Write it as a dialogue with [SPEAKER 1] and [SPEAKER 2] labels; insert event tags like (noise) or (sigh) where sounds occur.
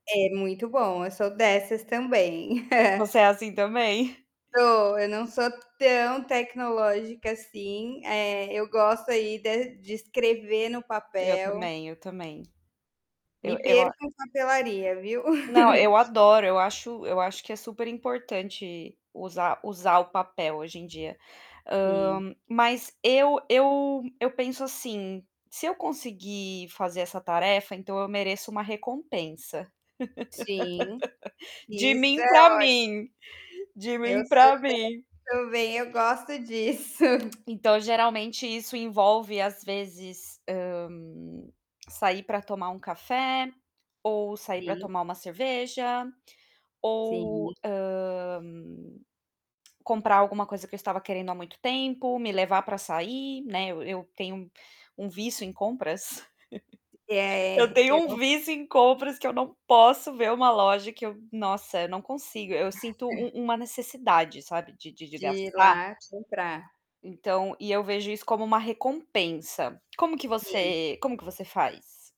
[SPEAKER 1] É muito bom, eu sou dessas também.
[SPEAKER 2] V você é
[SPEAKER 1] (chuckles)
[SPEAKER 2] assim, também?
[SPEAKER 1] Sou. Eu não sou tão tecnológica, assim, eh, eu gosto aí de de escrever no
[SPEAKER 2] Eu
[SPEAKER 1] papel
[SPEAKER 2] também, eu também. Eu
[SPEAKER 1] Me
[SPEAKER 2] eu a
[SPEAKER 1] perco em papelaria, viu.
[SPEAKER 2] Não, eu
[SPEAKER 1] (chuckles)
[SPEAKER 2] adoro, eu acho eu acho que é super importante usar usar o papel hoje em dia. Ah,
[SPEAKER 1] Sim.
[SPEAKER 2] mas eu eu eu penso, assim: "Se eu conseguir fazer essa tarefa, então eu mereço uma recompensa".
[SPEAKER 1] Sim.
[SPEAKER 2] (laughs) De
[SPEAKER 1] Isso é
[SPEAKER 2] mim para
[SPEAKER 1] óti
[SPEAKER 2] mim, de
[SPEAKER 1] Eu
[SPEAKER 2] mim
[SPEAKER 1] sou,
[SPEAKER 2] para
[SPEAKER 1] tam
[SPEAKER 2] mim.
[SPEAKER 1] também eu gosto disso.
[SPEAKER 2] Então geralmente isso envolve, às vezes, ah, (clicks tongue) sair para tomar um café, ou sair para
[SPEAKER 1] Sim.
[SPEAKER 2] tomar uma cerveja,
[SPEAKER 1] Sim.
[SPEAKER 2] ou, ah, (clicks tongue) comprar alguma coisa que eu estava querendo há muito tempo, me levar para sair, né, eu eu tenho um vício em compras. (chuckles) Eu
[SPEAKER 1] É, é.
[SPEAKER 2] tenho um
[SPEAKER 1] Eu
[SPEAKER 2] vício em compras que eu não posso ver uma loja que eu nossa, eu não consigo, eu sinto um
[SPEAKER 1] (chuckles)
[SPEAKER 2] uma necessidade, sabe, de de de
[SPEAKER 1] De ir
[SPEAKER 2] gastar.
[SPEAKER 1] lá comprar.
[SPEAKER 2] Então e eu vejo isso como uma recompensa. Como que
[SPEAKER 1] Sim.
[SPEAKER 2] você como que você faz?